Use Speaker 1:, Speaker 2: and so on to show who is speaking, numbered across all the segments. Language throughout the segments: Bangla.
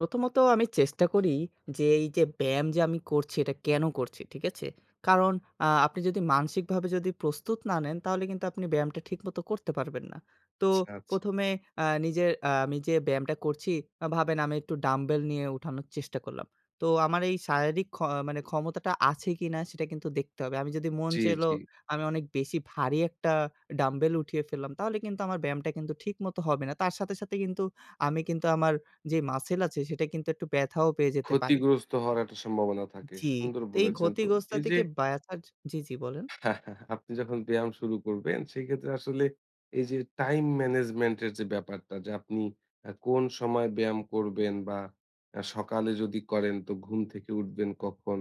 Speaker 1: প্রথমত আমি চেষ্টা করি যে এই যে ব্যায়াম যে আমি করছি এটা কেন করছি, ঠিক আছে? কারণ আ আপনি যদি মানসিকভাবে প্রস্তুত না নেন তাহলে কিন্তু আপনি ব্যায়ামটা ঠিকমত করতে পারবেন না। তো
Speaker 2: আচ্ছা, আচ্ছা।
Speaker 1: প্রথমে আ নিজের আ আমি যে ব্যায়ামটা করছি ভাবেন আমি একটু ডাম্বেল নিয়ে উঠানো। চেষ্টা করলাম। তো আমার এই শারীরিক ক্ষ ক্ষমতাটা আছে কিনা সেটা কিন্তু দেখতে হবে। আমি যদি মন
Speaker 2: জি,
Speaker 1: চাইলো
Speaker 2: জি।
Speaker 1: আমি অনেক বেশি ভারী একটা ডাম্বেল উঠিয়ে ফেললাম তাহলে কিন্তু আমার ব্যায়ামটা কিন্তু ঠিকমতো হবে না। তার সাথে সাথে কিন্তু আমি কিন্তু আমার যে মাসল আছে সেটা কিন্তু একটু ব্যথাও পেয়ে যেতে পারি।
Speaker 2: ক্ষতিগ্রস্ত হওয়ার একটা সম্ভাবনা থাকে,
Speaker 1: জি,
Speaker 2: সুন্দর
Speaker 1: এই
Speaker 2: বলেছেন। তো
Speaker 1: ক্ষতিগ্রস্ত
Speaker 2: এই যে
Speaker 1: থেকে ব্যাথা জি, জি বলেন।
Speaker 2: আপনি যখন ব্যায়াম শুরু করবেন সেক্ষেত্রে আসলে এই যে টাইম ম্যানেজমেন্ট এর যে ব্যাপারটা যে আপনি কোন সময় আ ব্যায়াম করবেন বা আ সকালে যদি করেন তো ঘুম থেকে উঠবেন কখন,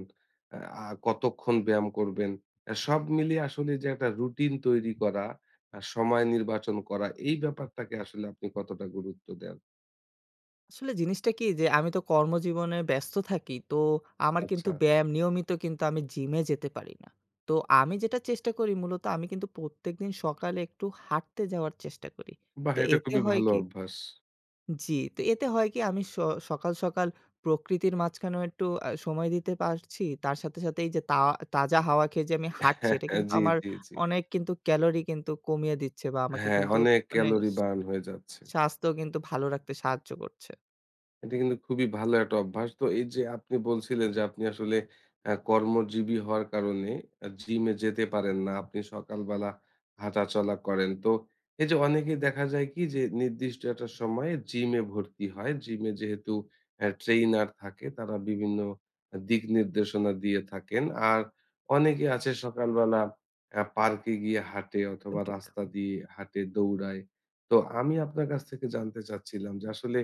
Speaker 2: আ কতক্ষণ ব্যায়াম করবেন। আ সব মিলিয়ে আসলে যে একটা রুটিন তৈরি করা, আ সময় নির্বাচন করা এই ব্যাপারটাকে আসলে আপনি কতটা গুরুত্ব দেন?
Speaker 1: আসলে জিনিসটা কি যে আমি তো কর্মজীবনে ব্যস্ত থাকি, তো আমার
Speaker 2: আচ্ছা,
Speaker 1: কিন্তু
Speaker 2: আচ্ছা।
Speaker 1: ব্যায়াম নিয়মিত কিন্তু আমি জিমে যেতে পারি না। তো আমি যেটা চেষ্টা করি মূলত আমি কিন্তু প্রত্যেকদিন সকালে একটু হাঁটতে যাওয়ার চেষ্টা করি।
Speaker 2: বাহ্
Speaker 1: তো
Speaker 2: এটা
Speaker 1: এতে
Speaker 2: খুবই
Speaker 1: হয়
Speaker 2: ভালো
Speaker 1: কি
Speaker 2: অভ্যাস।
Speaker 1: জি। তো এতে হয় কি আমি স সকাল, সকাল প্রকৃতির মাঝখানেও একটু আ সময় দিতে পারছি তার সাথে সাথে এই যে তা তাজা হাওয়া খেয়ে যে আমি হাঁটছি
Speaker 2: হ্যাঁ,
Speaker 1: এটা
Speaker 2: হ্যাঁ,
Speaker 1: কিন্তু
Speaker 2: জি,
Speaker 1: আমার
Speaker 2: জি, জি।
Speaker 1: অনেক কিন্তু ক্যালোরি কিন্তু কমিয়ে দিচ্ছে, বা আমাকে
Speaker 2: হ্যাঁ,
Speaker 1: কিন্তু
Speaker 2: অনেক
Speaker 1: মানে
Speaker 2: ক্যালোরি বার্ন হয়ে যাচ্ছে।
Speaker 1: স্বাস্থ্য কিন্তু ভালো রাখতে সাহায্য করছে।
Speaker 2: এটা কিন্তু খুবই ভালো একটা অভ্যাস। তো এই যে আপনি বলছিলেন যে আপনি আসলে আ কর্মজীবী হওয়ার কারণে আ জিমে যেতে পারেন না। আপনি সকালবেলা হাঁটাচলা করেন। তো এই যে অনেকেই দেখা যায় কি যে নির্দিষ্ট একটা সময়ে জিম এ ভর্তি হয়। জিমে যেহেতু ট্রেইনার থাকে তারা বিভিন্ন দিক নির্দেশনা দিয়ে থাকেন। আর অনেকে আছে সকালবেলা আ পার্কে গিয়ে হাঁটে
Speaker 1: একদম
Speaker 2: অথবা
Speaker 1: ঠিক।
Speaker 2: রাস্তা দিয়ে হাঁটে দৌড়ায়। তো আমি আপনার কাছ থেকে জানতে চাচ্ছিলাম যে, আসলে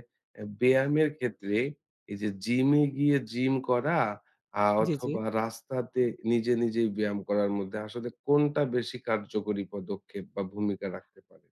Speaker 2: ব্যায়ামের ক্ষেত্রে এই যে জিমে গিয়ে জিম করা আ
Speaker 1: জি, জি।
Speaker 2: অথবা রাস্তাতে নিজে নিজেই ব্যায়াম করার মধ্যে আসলে কোনটা বেশি কার্যকরী পদক্ষেপ বা ভূমিকা রাখতে পারে?